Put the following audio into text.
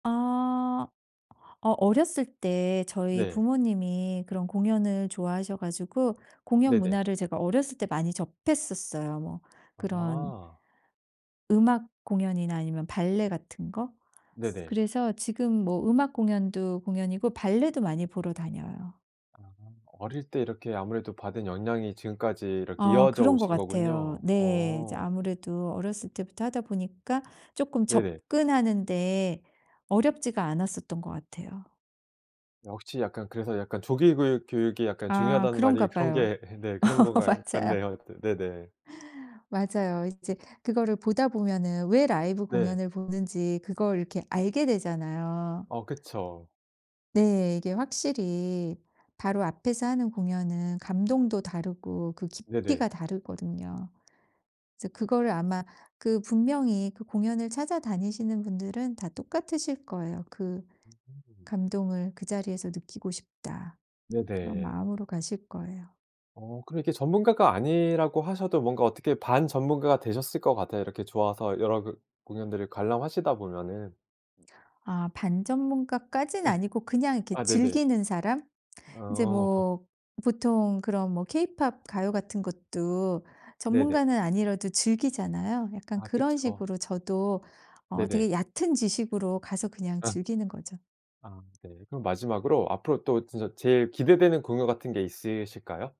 아 어 어렸을 때 저희 네. 부모님이 그런 공연을 좋아하셔 가지고 공연 네네. 문화를 제가 어렸을 때 많이 접했었어요. 뭐 그런 아. 음악 공연이나 아니면 발레 같은 거. 네네. 그래서 지금 뭐 음악 공연도 공연이고 발레도 많이 보러 다녀요. 아. 어릴 때 이렇게 아무래도 받은 영향이 지금까지 이렇게 어 이어져 그런 것 오신 같아요. 거군요. 네. 이제 어. 아무래도 어렸을 때부터 하다 보니까 조금 네네. 접근하는 데 어렵지가 않았었던 것 같아요. 역시 약간 그래서 약간 조기 교육 교육이 아, 중요하다는 그런가 말이 그런 봐요. 게 네, 그런 것 가요 맞아요. 같네요. 네네. 맞아요. 이제 그거를 보다 보면은 왜 라이브 네. 공연을 보는지 그걸 이렇게 알게 되잖아요. 어, 그쵸. 네. 이게 확실히 바로 앞에서 하는 공연은 감동도 다르고 그 네네. 깊이가 다르거든요. 이제 그걸 아마 그 분명히 그 공연을 찾아다니시는 분들은 다 똑같으실 거예요. 그 음. '감동을 그 자리에서 느끼고 싶다.' 그런 네네. 마음으로 가실 거예요. 어, 그럼 이렇게 전문가가 아니라고 하셔도 뭔가 어떻게 반전문가가 되셨을 것 같아요. 이렇게 좋아서 여러 교 공연들을 관람하시다 보면은. 아 반전문가까진 아니고 그냥 이렇게 아 네네. 즐기는 사람? 이제 어. 뭐 보통 그런 뭐 케이팝 가요 같은 것도 네네. 전문가는 아니라도 즐기잖아요. 약간 아, 그런 그쵸. 식으로 저도 어 네네. 되게 얕은 지식으로 가서 그냥 아. 즐기는 거죠. 아 네. 그럼 마지막으로 앞으로 또 진짜 제일 기대되는 공연 같은 게 있으실까요?